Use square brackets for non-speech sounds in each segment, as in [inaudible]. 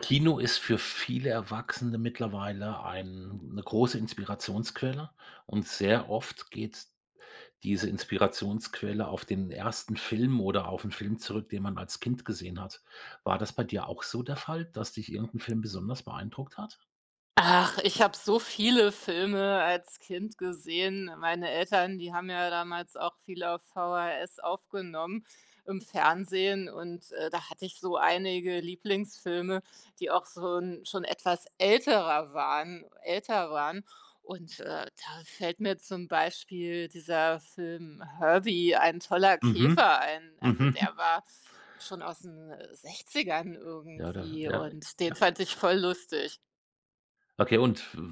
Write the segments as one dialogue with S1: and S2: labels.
S1: Kino ist für viele Erwachsene mittlerweile eine große Inspirationsquelle. Und sehr oft geht diese Inspirationsquelle auf den 1. Film oder auf 'n Film zurück, den man als Kind gesehen hat. War das bei dir auch so der Fall, dass dich irgend 'n Film besonders beeindruckt hat?
S2: Ach, ich habe so viele Filme als Kind gesehen. Meine Eltern, die haben ja damals auch viel auf VHS aufgenommen im Fernsehen und, äh, da hatte ich so einige Lieblingsfilme, die auch so 'n schon etwas älterer waren älter waren und, äh, da fällt mir zum Beispiel dieser Film „Herbie- Ein toller
S1: Mhm.
S2: Käfer" ein. Also,
S1: Mhm.
S2: der
S1: [chuckles]
S2: war schon aus 'n 60er
S1: Ja da
S2: irgendwie
S1: ja,
S2: und den
S1: ja.
S2: fand ich voll lustig.
S1: Okay, und w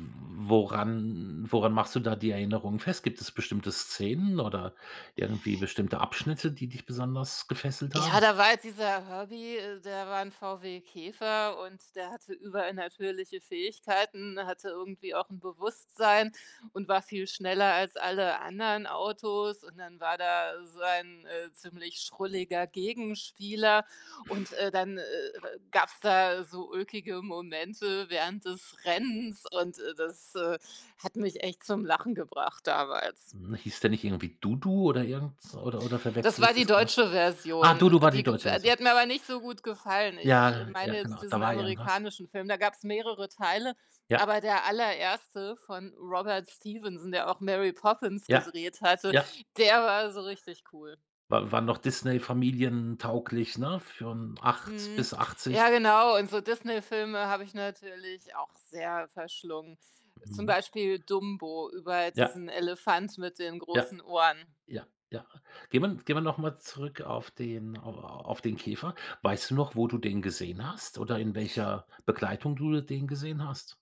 S1: woran woran machst du da die Erinnerungen fest? Gibt es bestimmte Szenen oder irgendwie bestimmte Abschnitte, die dich besonders gefesselt
S2: Ja,
S1: haben?
S2: da war jetzt dieser Herbie, äh, der war 'n VW Käfer und der hatte übernatürliche Fähigkeiten, hatte irgendwie auch 'n Bewusstsein und war viel schneller als alle anderen Autos und dann war da sein, äh, ziemlich schrulliger Gegenspieler und, äh, dann, äh, äh, äh, gab's
S1: [snorts]
S2: da so ulkige Momente während des Rennens und, äh, das, äh, hat mich echt zum Lachen gebracht damals.
S1: Mhm. Hieß der nicht irgendwie Dudu oder irgends oder oder
S2: Das
S1: verwechsle
S2: war
S1: ich
S2: die
S1: das na?
S2: deutsche
S1: Ah,
S2: Version,
S1: Dudu war die
S2: die g
S1: Deutsche
S2: äh, die
S1: Version.
S2: hat mir aber nicht so gut gefallen. Ich
S1: Ja,
S2: meine
S1: ja,
S2: jetzt
S1: genau, da
S2: diesen
S1: war irgendwas.
S2: amerikanischen Film, da gab's mehrere Teile,
S1: Ja.
S2: aber der allererste von Robert Stevenson, der auch Mary Poppins
S1: Ja,
S2: gedreht hatte,
S1: ja.
S2: der war so richtig cool.
S1: War war noch Disney familientauglich, ne? Für 'n 8
S2: Mhm.
S1: bis 80
S2: Ja genau und so Disney Filme habe ich natürlich auch sehr verschlungen, zum
S1: Mhm.
S2: Beispiel Dumbo, über
S1: Ja.
S2: diesen Elefant mit den
S1: Ja.
S2: großen Ohren.
S1: Ja, ja. Gehen wir n gehen wir nochmal zurück auf den au auf den Käfer. Weißt du noch, wo du den gesehen hast oder in welcher Begleitung du den gesehen hast?